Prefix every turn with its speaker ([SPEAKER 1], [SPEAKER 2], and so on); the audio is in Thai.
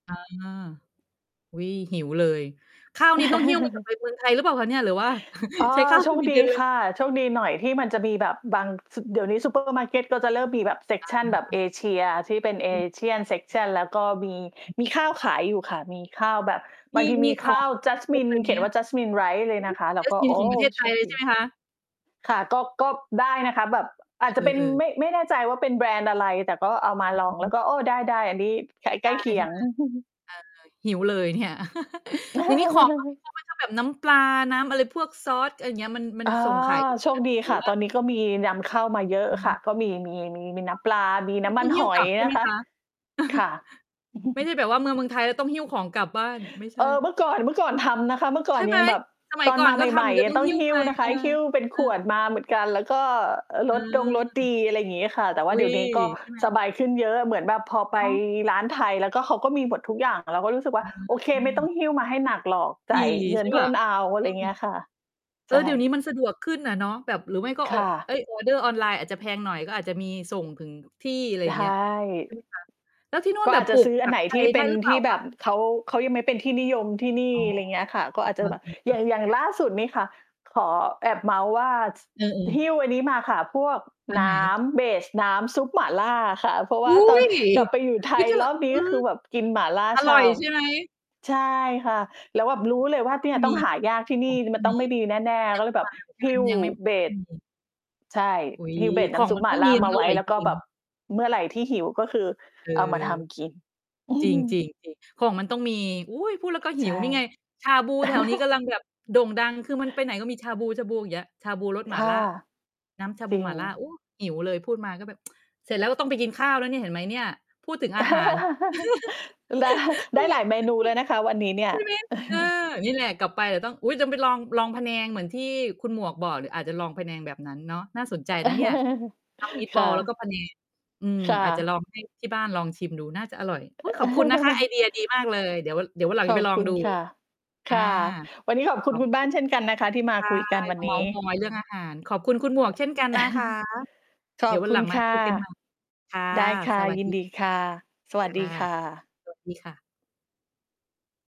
[SPEAKER 1] อา อุ๊ย หิวเลย ข้าวนี่ต้องหี้ว มาจากไปเมืองไทย หรือเปล่าคะเนี่ย? หรือว่า
[SPEAKER 2] อ๋อ
[SPEAKER 1] ใช้ข้าว
[SPEAKER 2] โช
[SPEAKER 1] ส
[SPEAKER 2] ค
[SPEAKER 1] วี
[SPEAKER 2] ด
[SPEAKER 1] เ
[SPEAKER 2] ี
[SPEAKER 1] ดนเล
[SPEAKER 2] ค
[SPEAKER 1] ย?
[SPEAKER 2] ่ะ โชคดีหน่อยที่มันจะมีแบบบาง ซ เดี๋ยวนี้ซู เปอร์ มาร์เกตก็จะเริ่มมีแบบ เซก
[SPEAKER 1] อ
[SPEAKER 2] ชัน แบบเ
[SPEAKER 1] า
[SPEAKER 2] อเชียที่เป็น
[SPEAKER 1] อือ
[SPEAKER 2] Asian section แล้วก็มี มีข้า
[SPEAKER 1] อ
[SPEAKER 2] ว
[SPEAKER 1] ือ
[SPEAKER 2] ขายอยู่ค่ะ มีข้าวแบบ
[SPEAKER 1] ม
[SPEAKER 2] บา
[SPEAKER 1] ี
[SPEAKER 2] งที
[SPEAKER 1] มี
[SPEAKER 2] มี
[SPEAKER 1] ข
[SPEAKER 2] ข้
[SPEAKER 1] อ
[SPEAKER 2] า
[SPEAKER 1] ง
[SPEAKER 2] ว
[SPEAKER 1] ครบเ
[SPEAKER 2] Jasmine
[SPEAKER 1] ลยไ
[SPEAKER 2] เ
[SPEAKER 1] ห
[SPEAKER 2] ข
[SPEAKER 1] ม
[SPEAKER 2] ียน
[SPEAKER 1] อ
[SPEAKER 2] ว
[SPEAKER 1] ะ?
[SPEAKER 2] ่า Jasmine rice เล
[SPEAKER 1] โอ
[SPEAKER 2] ย
[SPEAKER 1] ้โ
[SPEAKER 2] น
[SPEAKER 1] ฮ!
[SPEAKER 2] ะคะ เราก็ โอ
[SPEAKER 1] Jasmine
[SPEAKER 2] ้
[SPEAKER 1] ของประเทศไ
[SPEAKER 2] โ
[SPEAKER 1] ท
[SPEAKER 2] ช
[SPEAKER 1] ย
[SPEAKER 2] ค
[SPEAKER 1] เลย
[SPEAKER 2] ด
[SPEAKER 1] ใช
[SPEAKER 2] ี
[SPEAKER 1] ่ไหม คะ?
[SPEAKER 2] ค่ะ ก็ ก็ได้นะคะ แบบอ
[SPEAKER 1] เอ
[SPEAKER 2] าจจะ
[SPEAKER 1] อ
[SPEAKER 2] เป็น
[SPEAKER 1] เออ
[SPEAKER 2] ไม่ ไม่แน่ใจว่าเป็นแบรนด์อะไร แต่ก็เอามาลอง
[SPEAKER 1] อื
[SPEAKER 2] แล้ว
[SPEAKER 1] อ
[SPEAKER 2] ก็ โอ้ ได้ ๆ อันนี้ ใกล้ ใ
[SPEAKER 1] ได
[SPEAKER 2] กล
[SPEAKER 1] ้
[SPEAKER 2] ้เคี
[SPEAKER 1] ใช่
[SPEAKER 2] ย
[SPEAKER 1] ไห
[SPEAKER 2] ง
[SPEAKER 1] ม? เออ หิวเลยเนี่ย อย่างนี้ของ ก็มีพกไว้ถ้าแบบ น้ำปลา น้ำอะไร พวกซอส ไรอย่างเงี้ย มัน มัน
[SPEAKER 2] อา
[SPEAKER 1] ส่งขาย
[SPEAKER 2] โชคดี
[SPEAKER 1] หรื
[SPEAKER 2] ค
[SPEAKER 1] อ
[SPEAKER 2] ่ะ
[SPEAKER 1] ว่า
[SPEAKER 2] ตอนนี้ก็มีนำเข้ามาเยอะ
[SPEAKER 1] อื
[SPEAKER 2] ค่ะ
[SPEAKER 1] ม
[SPEAKER 2] ก็มี มี มี มี
[SPEAKER 1] อ
[SPEAKER 2] น
[SPEAKER 1] ๋อ
[SPEAKER 2] ้ำปลา มี
[SPEAKER 1] ไ
[SPEAKER 2] น
[SPEAKER 1] ม
[SPEAKER 2] ้
[SPEAKER 1] ่
[SPEAKER 2] ำม
[SPEAKER 1] ต้
[SPEAKER 2] ั
[SPEAKER 1] อ
[SPEAKER 2] น
[SPEAKER 1] งห
[SPEAKER 2] ห
[SPEAKER 1] ิ้ว
[SPEAKER 2] อ
[SPEAKER 1] ก
[SPEAKER 2] ย
[SPEAKER 1] ลับใช่
[SPEAKER 2] น
[SPEAKER 1] ไห
[SPEAKER 2] ะ
[SPEAKER 1] ม
[SPEAKER 2] คะ
[SPEAKER 1] คะ?
[SPEAKER 2] ค่ะ
[SPEAKER 1] ไม่ใช่แบบว่ามาเมืองไทย แล้วต้องหิ้วของกลับบ้าน ไม่ใช
[SPEAKER 2] เอ
[SPEAKER 1] ่
[SPEAKER 2] อ เมื่อก่อน เมื่อก่อนทำนะคะ เมื่อก่
[SPEAKER 1] ใช
[SPEAKER 2] อน
[SPEAKER 1] ่ไห
[SPEAKER 2] ย
[SPEAKER 1] ม!
[SPEAKER 2] ังแบบ
[SPEAKER 1] สมัย
[SPEAKER 2] ตอ
[SPEAKER 1] ก
[SPEAKER 2] น
[SPEAKER 1] ่อ
[SPEAKER 2] ม
[SPEAKER 1] น
[SPEAKER 2] า
[SPEAKER 1] ก
[SPEAKER 2] ใ
[SPEAKER 1] ็ท
[SPEAKER 2] หม่
[SPEAKER 1] ำ เดี๋ยวต้อ
[SPEAKER 2] ๆ
[SPEAKER 1] ง
[SPEAKER 2] ต้อ
[SPEAKER 1] ห
[SPEAKER 2] ง
[SPEAKER 1] ิ้ว
[SPEAKER 2] ห
[SPEAKER 1] ไ
[SPEAKER 2] ิ
[SPEAKER 1] ป
[SPEAKER 2] ้วนะค
[SPEAKER 1] เอ
[SPEAKER 2] ะ
[SPEAKER 1] อ
[SPEAKER 2] หิ้วเป็น
[SPEAKER 1] เอ
[SPEAKER 2] ข
[SPEAKER 1] อ
[SPEAKER 2] วดมาเหมือนกัน แล้วก็ร
[SPEAKER 1] เออ
[SPEAKER 2] สดงรสดี อะไรอย่างงี้ค่ะ แต่ว
[SPEAKER 1] อ
[SPEAKER 2] ่า
[SPEAKER 1] ุ๊
[SPEAKER 2] เดี๋
[SPEAKER 1] ย
[SPEAKER 2] ยวนี้ก็
[SPEAKER 1] ใช่ไหม?
[SPEAKER 2] สบายขึ้นเยอะ เหมือนแบบพอไป
[SPEAKER 1] เนาะ
[SPEAKER 2] ร้านไทย แล้วก็เขาก็มีหมดทุกอย่าง เราก็รู้สึกว่า
[SPEAKER 1] อ
[SPEAKER 2] โอเค ไม่ต้อ
[SPEAKER 1] า
[SPEAKER 2] งหิ้วมาให้หนักหรอก จ
[SPEAKER 1] ดี
[SPEAKER 2] ่ายเง
[SPEAKER 1] ใ
[SPEAKER 2] ิ
[SPEAKER 1] ช
[SPEAKER 2] น
[SPEAKER 1] ่
[SPEAKER 2] เ
[SPEAKER 1] เ
[SPEAKER 2] พ
[SPEAKER 1] ปล
[SPEAKER 2] ิ
[SPEAKER 1] ่
[SPEAKER 2] ่
[SPEAKER 1] า?
[SPEAKER 2] ล เอา ไ
[SPEAKER 1] อ
[SPEAKER 2] ร
[SPEAKER 1] ื
[SPEAKER 2] อย่าง
[SPEAKER 1] ม
[SPEAKER 2] เงี้ยค่ะ
[SPEAKER 1] เอ
[SPEAKER 2] ใช
[SPEAKER 1] อ เดี๋ยวนี
[SPEAKER 2] ่
[SPEAKER 1] ้มันสะดวกขึ้นอะเนาะ แบบหรือไม่ก็
[SPEAKER 2] ค
[SPEAKER 1] เอา
[SPEAKER 2] ่
[SPEAKER 1] เอ
[SPEAKER 2] ะ
[SPEAKER 1] ๊ย ออร์เดอร์ออนไลน์อาจจะแพงหน่อย ก็อาจจะมีส่งถึงที่ ไร
[SPEAKER 2] ใ
[SPEAKER 1] อ
[SPEAKER 2] ช
[SPEAKER 1] ย่าง
[SPEAKER 2] ่
[SPEAKER 1] เงี้ย ใช่ไหมคะ? แล้วที่นู่
[SPEAKER 2] ก
[SPEAKER 1] น
[SPEAKER 2] ็
[SPEAKER 1] แบ
[SPEAKER 2] อา
[SPEAKER 1] บ
[SPEAKER 2] จจ
[SPEAKER 1] ป
[SPEAKER 2] ะ
[SPEAKER 1] ลู
[SPEAKER 2] ซ
[SPEAKER 1] ก
[SPEAKER 2] ื้อ
[SPEAKER 1] ผ
[SPEAKER 2] อั
[SPEAKER 1] ั
[SPEAKER 2] นไ
[SPEAKER 1] ก
[SPEAKER 2] หน
[SPEAKER 1] ไท
[SPEAKER 2] ที่
[SPEAKER 1] ย
[SPEAKER 2] เ
[SPEAKER 1] ไ
[SPEAKER 2] ป
[SPEAKER 1] ด้
[SPEAKER 2] ็น
[SPEAKER 1] หรือเป
[SPEAKER 2] ท
[SPEAKER 1] ล่
[SPEAKER 2] ี
[SPEAKER 1] า
[SPEAKER 2] ่แ
[SPEAKER 1] ค
[SPEAKER 2] บ
[SPEAKER 1] ะ?
[SPEAKER 2] บ เขา เขายังไม่เป็นที่นิยมที่นี่
[SPEAKER 1] อ๋อ
[SPEAKER 2] ไรอย่างเงี้ยค่ะ ก็อาจ
[SPEAKER 1] เ
[SPEAKER 2] จ
[SPEAKER 1] อ
[SPEAKER 2] ะแบบ อย
[SPEAKER 1] อ
[SPEAKER 2] ่า
[SPEAKER 1] ๆ ๆ
[SPEAKER 2] ง อย่างล่าสุดนี่ค่ะ ขอแอบเมาท์ว่า ท
[SPEAKER 1] เอ
[SPEAKER 2] หิ้
[SPEAKER 1] อ ๆ
[SPEAKER 2] วอันนี้มาค่ะ พวก
[SPEAKER 1] อัน
[SPEAKER 2] น
[SPEAKER 1] ไห
[SPEAKER 2] ้
[SPEAKER 1] น?
[SPEAKER 2] ำ เบส น้ำซุปหม่าล่าอะค่ะ เพราะว
[SPEAKER 1] อ
[SPEAKER 2] ่า
[SPEAKER 1] ุ๊
[SPEAKER 2] ตอน
[SPEAKER 1] ย!
[SPEAKER 2] กลับไปอยู่ไท
[SPEAKER 1] อุ๊ย
[SPEAKER 2] ย
[SPEAKER 1] แต่
[SPEAKER 2] รอบนี
[SPEAKER 1] เอ
[SPEAKER 2] ้ ก็
[SPEAKER 1] อ
[SPEAKER 2] คือแบบกินหม่าล่า
[SPEAKER 1] อ
[SPEAKER 2] ฉ
[SPEAKER 1] ร่
[SPEAKER 2] ่
[SPEAKER 1] อยใช่ไหม?
[SPEAKER 2] ำ ใช่ค่ะ แล้วแบบรู้เลยว่า
[SPEAKER 1] ต
[SPEAKER 2] เ
[SPEAKER 1] ้
[SPEAKER 2] น
[SPEAKER 1] อ
[SPEAKER 2] ี่
[SPEAKER 1] ง
[SPEAKER 2] ย
[SPEAKER 1] ม
[SPEAKER 2] ต้อ
[SPEAKER 1] ี
[SPEAKER 2] งหายากที่
[SPEAKER 1] ผ
[SPEAKER 2] นี่
[SPEAKER 1] งต้อ
[SPEAKER 2] มั
[SPEAKER 1] ง
[SPEAKER 2] นต้
[SPEAKER 1] มี
[SPEAKER 2] องไม่ดีแน่
[SPEAKER 1] ย
[SPEAKER 2] ๆ
[SPEAKER 1] ั
[SPEAKER 2] ก็
[SPEAKER 1] ง
[SPEAKER 2] เ
[SPEAKER 1] ไ
[SPEAKER 2] ล
[SPEAKER 1] ม่
[SPEAKER 2] ยแ
[SPEAKER 1] ม
[SPEAKER 2] บบ
[SPEAKER 1] าเหมือ
[SPEAKER 2] ห
[SPEAKER 1] นก
[SPEAKER 2] ิ
[SPEAKER 1] ั
[SPEAKER 2] ้
[SPEAKER 1] น
[SPEAKER 2] ว
[SPEAKER 1] ยังไม่
[SPEAKER 2] เบ
[SPEAKER 1] ยังไม่
[SPEAKER 2] ส
[SPEAKER 1] มี
[SPEAKER 2] ใช่
[SPEAKER 1] อุ๊ย
[SPEAKER 2] หิ้ว เบส
[SPEAKER 1] ข
[SPEAKER 2] น้
[SPEAKER 1] อง
[SPEAKER 2] ำซุ
[SPEAKER 1] มั
[SPEAKER 2] ป
[SPEAKER 1] น
[SPEAKER 2] หม
[SPEAKER 1] ต
[SPEAKER 2] ่
[SPEAKER 1] ้
[SPEAKER 2] า
[SPEAKER 1] อง
[SPEAKER 2] ล
[SPEAKER 1] ม
[SPEAKER 2] ่
[SPEAKER 1] ี
[SPEAKER 2] า
[SPEAKER 1] ม
[SPEAKER 2] ม
[SPEAKER 1] ั
[SPEAKER 2] า
[SPEAKER 1] นอ
[SPEAKER 2] ไว้
[SPEAKER 1] ร่อย
[SPEAKER 2] แล้ว
[SPEAKER 1] จ
[SPEAKER 2] ก
[SPEAKER 1] ร
[SPEAKER 2] ็
[SPEAKER 1] ิ
[SPEAKER 2] แบบ
[SPEAKER 1] ง
[SPEAKER 2] เมื่อไรที่หิวก็คือ
[SPEAKER 1] เออ
[SPEAKER 2] เอามาทำกิน
[SPEAKER 1] จริง ๆ จริง ของมันต้องมี อุ๊ย พูดแล้วก็ห
[SPEAKER 2] ใช
[SPEAKER 1] ิ
[SPEAKER 2] ่
[SPEAKER 1] วนี่ไง ชาบูแถวนี้กำลังแบบโด่งดัง คือมันไปไหนก็มีชาบู ๆ อย่างเงี้ย ชาบูรส
[SPEAKER 2] ค
[SPEAKER 1] หม่า
[SPEAKER 2] ่ะ
[SPEAKER 1] ล่า น้ำชาบ
[SPEAKER 2] จ
[SPEAKER 1] ู
[SPEAKER 2] ริ
[SPEAKER 1] หม่า
[SPEAKER 2] ง
[SPEAKER 1] ล่า โอ้ หิวเลย พูดมาก็แบบ เสร็จแล้วก็ต้องไปกินข้าวแล้วเนี่ย เห็นไหมเนี่ย พูดถึงอาหาร
[SPEAKER 2] ดะ
[SPEAKER 1] เอ
[SPEAKER 2] ไ
[SPEAKER 1] ๊
[SPEAKER 2] ด้ห
[SPEAKER 1] ย
[SPEAKER 2] ลายเมนูแล้วนะคะวันนี้เนี่
[SPEAKER 1] ใช
[SPEAKER 2] ย
[SPEAKER 1] ่ไหม? เออ นี่แหละกลับไปเดี๋ยวต้อง อุ๊ย ต้องไปลอง ลองพะแนงเหมือนที่คุณหมวกบอกเนี่ย อาจจะลองพะแนงแบบนั้นเนาะ น่าสนใจนะเนี่ย ทำ
[SPEAKER 2] ค่
[SPEAKER 1] meatball แล้วก็
[SPEAKER 2] ะ
[SPEAKER 1] พะแนง อืม
[SPEAKER 2] ค่
[SPEAKER 1] อาจจะล
[SPEAKER 2] ะ
[SPEAKER 1] อง ให้ ที่บ้านลองชิมดู น่าจะอร่อย อุ๊ย ขอบคุณนะคะ ไอเดียดีมากเลย เดี๋ยว เดี๋ยววันหลัง
[SPEAKER 2] ข
[SPEAKER 1] จะ
[SPEAKER 2] อ
[SPEAKER 1] ไป
[SPEAKER 2] บ
[SPEAKER 1] ลอ
[SPEAKER 2] ค
[SPEAKER 1] ง
[SPEAKER 2] ุณ
[SPEAKER 1] ดู
[SPEAKER 2] ค่ะ
[SPEAKER 1] อ
[SPEAKER 2] ค
[SPEAKER 1] า
[SPEAKER 2] ่ะ วันนี้ขอบคุ
[SPEAKER 1] ข
[SPEAKER 2] ณ
[SPEAKER 1] อบ
[SPEAKER 2] คุณบ้า
[SPEAKER 1] อ
[SPEAKER 2] นเช่นกันนะคะ ที่มา
[SPEAKER 1] ใช่
[SPEAKER 2] คุยกันวั
[SPEAKER 1] ม
[SPEAKER 2] น
[SPEAKER 1] าเ
[SPEAKER 2] น
[SPEAKER 1] มา
[SPEAKER 2] ี้
[SPEAKER 1] ท์มอย เรื่องอาหาร ขอบคุณคุณหมวกเช่นกันนะ คะ
[SPEAKER 2] ข
[SPEAKER 1] เดี
[SPEAKER 2] อ
[SPEAKER 1] ๋ย
[SPEAKER 2] บ
[SPEAKER 1] ววั
[SPEAKER 2] ค
[SPEAKER 1] น
[SPEAKER 2] ุ
[SPEAKER 1] หลั
[SPEAKER 2] ณ
[SPEAKER 1] งมา
[SPEAKER 2] ค่
[SPEAKER 1] ค
[SPEAKER 2] ะ
[SPEAKER 1] ุยกัน ใหม่ ค่ะ
[SPEAKER 2] ได้ค่
[SPEAKER 1] ส
[SPEAKER 2] ะ
[SPEAKER 1] วัส
[SPEAKER 2] ยิ
[SPEAKER 1] ด
[SPEAKER 2] น
[SPEAKER 1] ี
[SPEAKER 2] ดีค่ะ สวัส
[SPEAKER 1] ค
[SPEAKER 2] ด
[SPEAKER 1] ่
[SPEAKER 2] ี
[SPEAKER 1] ะ
[SPEAKER 2] ค่ะ
[SPEAKER 1] สวัส ดีค่ะ